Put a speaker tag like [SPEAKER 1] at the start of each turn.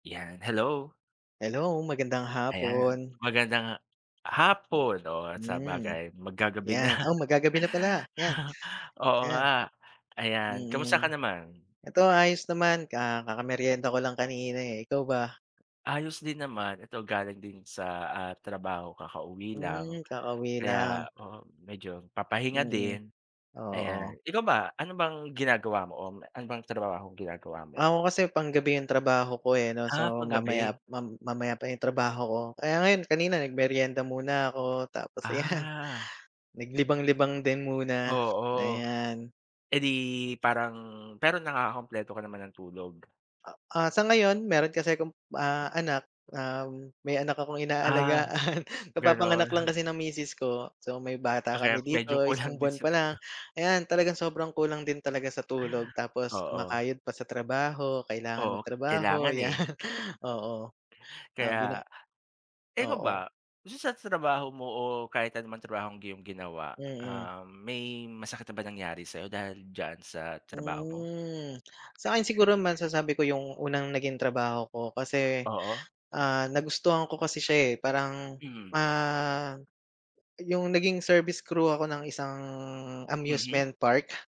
[SPEAKER 1] Yan, hello!
[SPEAKER 2] Hello, magandang
[SPEAKER 1] Ayan,
[SPEAKER 2] hapon!
[SPEAKER 1] magandang, ah, hapon o
[SPEAKER 2] Hmm,
[SPEAKER 1] sabagay mag gagabi na.
[SPEAKER 2] yan. Oh, mag gagabi na pala 'yan,
[SPEAKER 1] Oo
[SPEAKER 2] 'yan.
[SPEAKER 1] nga. Ayan, kamusta ka
[SPEAKER 2] Mm.
[SPEAKER 1] naman?
[SPEAKER 2] Ito ayos naman ka kakameryenda ko lang kanina, eh. Ikaw ba?
[SPEAKER 1] Ayos din naman. Ito galing din sa, ah, trabaho, kakauwi lang
[SPEAKER 2] Hmm, kakauwi
[SPEAKER 1] kaya
[SPEAKER 2] lang.
[SPEAKER 1] oo, medyo papahinga
[SPEAKER 2] Mm.
[SPEAKER 1] din. Ayan,
[SPEAKER 2] Oo.
[SPEAKER 1] ikaw ba, ano bang ginagawa mo o ano bang trabahong ginagawa mo?
[SPEAKER 2] Ako kasi, panggabi 'yung trabaho ko, eh 'no.
[SPEAKER 1] Ah,
[SPEAKER 2] So, mamaya
[SPEAKER 1] kagabi.
[SPEAKER 2] mam mamaya pa 'yung trabaho ko kaya ngayon kanina nagmeryenda muna ako tapos 'yan.
[SPEAKER 1] Ah.
[SPEAKER 2] Naglibang-libang din muna,
[SPEAKER 1] Oo,
[SPEAKER 2] ayan.
[SPEAKER 1] eh, 'di parang pero nakakakumpleto ka naman ng tulog?
[SPEAKER 2] A ah, sa ngayon mayro'n kasi akong, ah, anak ah may anak akong
[SPEAKER 1] Ah,
[SPEAKER 2] inaalagaan.
[SPEAKER 1] gano'n.
[SPEAKER 2] Kapapanganak lang kasi ng misis ko. So, may bata
[SPEAKER 1] Ako, eh,
[SPEAKER 2] kami
[SPEAKER 1] medyo
[SPEAKER 2] dito,
[SPEAKER 1] kulang
[SPEAKER 2] 1
[SPEAKER 1] din
[SPEAKER 2] buwan
[SPEAKER 1] sa
[SPEAKER 2] pa lang.
[SPEAKER 1] tulog.
[SPEAKER 2] Ayan talagang sobrang kulang din talaga sa tulog tapos
[SPEAKER 1] Oo.
[SPEAKER 2] kumakayod pa sa trabaho. Kailangan
[SPEAKER 1] Oo,
[SPEAKER 2] magtrabaho
[SPEAKER 1] kailangan,
[SPEAKER 2] 'yan
[SPEAKER 1] eh.
[SPEAKER 2] oo. Ah, bina
[SPEAKER 1] Kaya, ikaw
[SPEAKER 2] oo.
[SPEAKER 1] ba, dito sa trabaho mo o kahit ano man trabahong iyong ginawa,
[SPEAKER 2] Mm.
[SPEAKER 1] ah, may masakit na ba nangyari sayo dahil diyan sa trabaho mo?
[SPEAKER 2] Hmm, sa 'kin siguro masasabi ko 'yung unang naging trabaho ko. Kasi,
[SPEAKER 1] Oo.
[SPEAKER 2] ah, nagustuhan ko kasi siya, eh. Parang,
[SPEAKER 1] Mm.
[SPEAKER 2] ah 'yung naging service crew ako ng isang
[SPEAKER 1] Mhm.
[SPEAKER 2] amusement park.